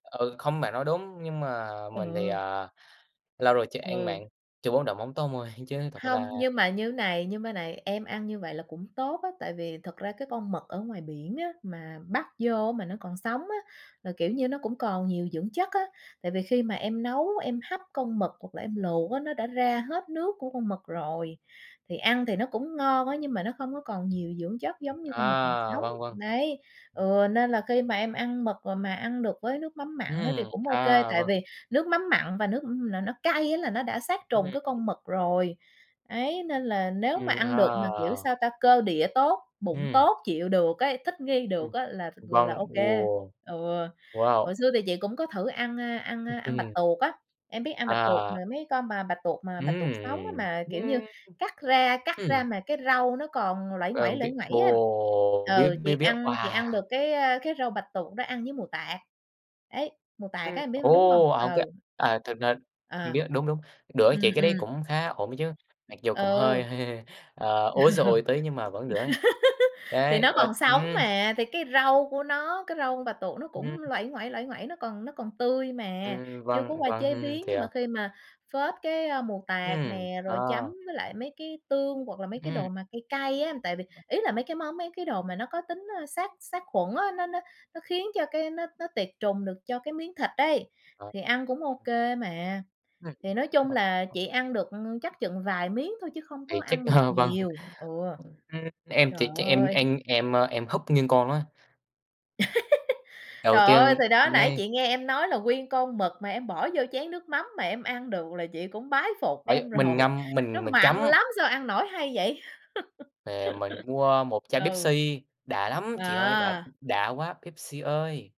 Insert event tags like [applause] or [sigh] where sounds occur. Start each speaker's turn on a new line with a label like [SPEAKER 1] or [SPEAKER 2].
[SPEAKER 1] Ừ, không, bạn nói đúng, nhưng mà mình thì,
[SPEAKER 2] Ờ.
[SPEAKER 1] à, lâu rồi chưa ăn
[SPEAKER 2] Ừ.
[SPEAKER 1] mặn, trừ bún đậu mắm tôm thôi, chứ thật
[SPEAKER 2] Hông,
[SPEAKER 1] ra
[SPEAKER 2] nhưng mà như thế này, như mấy này em ăn như vậy là cũng tốt á, tại vì thật ra cái con mực ở ngoài biển á, mà bắt vô mà nó còn sống á, là, kiểu như, nó cũng còn nhiều dưỡng chất á. Tại vì khi mà em nấu em hấp con mực hoặc là em luộc á, nó đã ra hết nước của con mực rồi. Thì ăn thì nó cũng ngon á, nhưng mà nó không có còn nhiều dưỡng chất giống như con mực còn
[SPEAKER 1] À,
[SPEAKER 2] sống.
[SPEAKER 1] vâng, vâng.
[SPEAKER 2] Đấy,
[SPEAKER 1] Ừm.
[SPEAKER 2] ừ, nên là khi mà em ăn mực mà ăn được với nước mắm mặn á thì
[SPEAKER 1] Ừm,
[SPEAKER 2] cũng ô kê,
[SPEAKER 1] à,
[SPEAKER 2] tại
[SPEAKER 1] vâng.
[SPEAKER 2] vì nước mắm mặn và nước là nó cay á là nó đã sát trùng cái
[SPEAKER 1] Ừm.
[SPEAKER 2] con mực rồi. Đấy, nên là nếu mà
[SPEAKER 1] Ừm,
[SPEAKER 2] ăn được mà, kiểu,
[SPEAKER 1] à.
[SPEAKER 2] sao ta, cơ địa tốt, bụng
[SPEAKER 1] Ừm.
[SPEAKER 2] tốt, chịu được ấy, thích nghi
[SPEAKER 1] Ừm,
[SPEAKER 2] được á là th là
[SPEAKER 1] vâng.
[SPEAKER 2] ô kê.
[SPEAKER 1] Ồ!
[SPEAKER 2] Ừ. Hồi
[SPEAKER 1] Wow!
[SPEAKER 2] xưa thì chị cũng có thử ăn, a, ăn, a, ăn bạch
[SPEAKER 1] [unintelligible]
[SPEAKER 2] tuộc á. Em biết ăn bạch tuộc
[SPEAKER 1] À.
[SPEAKER 2] mà mấy con mà bạch tuộc mà
[SPEAKER 1] Ừm,
[SPEAKER 2] bạch tuộc sống á,
[SPEAKER 1] ừm.
[SPEAKER 2] mà, kiểu như,
[SPEAKER 1] Ưm.
[SPEAKER 2] cắt ra cắt ra
[SPEAKER 1] Ừm.
[SPEAKER 2] mà cái rau nó còn nguây
[SPEAKER 1] Ờ,
[SPEAKER 2] nguẩy, nguây
[SPEAKER 1] biết
[SPEAKER 2] nguẩy á.
[SPEAKER 1] ồ, biết,
[SPEAKER 2] Ừ, chị
[SPEAKER 1] biết, biết.
[SPEAKER 2] ăn chị ăn
[SPEAKER 1] Wow!
[SPEAKER 2] được cái, à, cái rau bạch tuộc đó ăn với mù tạt. Đấy, mù tạt á
[SPEAKER 1] Ừm,
[SPEAKER 2] em biết có đúng hông?
[SPEAKER 1] ồ! Ở cái
[SPEAKER 2] Ừ.
[SPEAKER 1] à, thực ra
[SPEAKER 2] À.
[SPEAKER 1] biết, đúng, đúng, đỡ
[SPEAKER 2] Ừm,
[SPEAKER 1] chị cái đấy
[SPEAKER 2] ừm.
[SPEAKER 1] cũng khá ổn chứ, mặc dù cũng hơi
[SPEAKER 2] Ừ.
[SPEAKER 1] hơi, ờ, ối giời
[SPEAKER 2] [laughs]
[SPEAKER 1] ơi tí nhưng mà vẫn đỡ ấy.
[SPEAKER 2] Thì
[SPEAKER 1] Đấy,
[SPEAKER 2] nó
[SPEAKER 1] ờ,
[SPEAKER 2] còn sống
[SPEAKER 1] ừm.
[SPEAKER 2] mà, thì cái râu của nó, cái râu con bạch tuộc nó cũng
[SPEAKER 1] Ừm.
[SPEAKER 2] nguây nguẩy, nguây nguẩy, nó còn nó còn tươi mà,
[SPEAKER 1] Ừm,
[SPEAKER 2] chưa có
[SPEAKER 1] vâng,
[SPEAKER 2] qua chế
[SPEAKER 1] vâng,
[SPEAKER 2] biến, nhưng mà
[SPEAKER 1] thiệt.
[SPEAKER 2] khi mà phết cái, a, mù tạt
[SPEAKER 1] Ừm,
[SPEAKER 2] nè, rồi chấm
[SPEAKER 1] ờ.
[SPEAKER 2] với lại mấy cái tương hoặc là mấy cái
[SPEAKER 1] Ừm.
[SPEAKER 2] đồ mà cay cay á. Tại vì, ý là, mấy cái món, mấy cái đồ mà nó có tính, ơ, sát sát khuẩn á, nó nó nó khiến cho cái nó nó tiệt trùng được cho cái miếng thịt ấy,
[SPEAKER 1] Ờ.
[SPEAKER 2] thì ăn cũng ô
[SPEAKER 1] [unintelligible]
[SPEAKER 2] kê mà.
[SPEAKER 1] Ừm.
[SPEAKER 2] Thì nói chung là chị ăn được chắc chừng vài miếng thôi chứ không có
[SPEAKER 1] Thì chắc
[SPEAKER 2] ăn được
[SPEAKER 1] ờ, vâng.
[SPEAKER 2] nhiều, ừ.
[SPEAKER 1] Ừm, em
[SPEAKER 2] Trời
[SPEAKER 1] thì chắc em
[SPEAKER 2] ơi!
[SPEAKER 1] ăn em em húp nguyên con á.
[SPEAKER 2] [laughs]
[SPEAKER 1] Đầu
[SPEAKER 2] Trời ơi,
[SPEAKER 1] tiên
[SPEAKER 2] thì đó, nãy
[SPEAKER 1] ngay
[SPEAKER 2] chị nghe em nói là nguyên con mực mà em bỏ vô chén nước mắm mà em ăn được là chị cũng bái phục
[SPEAKER 1] Bởi
[SPEAKER 2] em
[SPEAKER 1] mình
[SPEAKER 2] rồi.
[SPEAKER 1] ngâm,
[SPEAKER 2] Nó
[SPEAKER 1] mình mình
[SPEAKER 2] mặn
[SPEAKER 1] chấm.
[SPEAKER 2] lắm! Sao ăn nổi hay vậy?
[SPEAKER 1] Ờ, mình
[SPEAKER 2] [laughs]
[SPEAKER 1] mua một chai
[SPEAKER 2] Ừ.
[SPEAKER 1] Pepsi, đã lắm chị ơi! Đã
[SPEAKER 2] À!
[SPEAKER 1] đã quá, Pepsi ơi!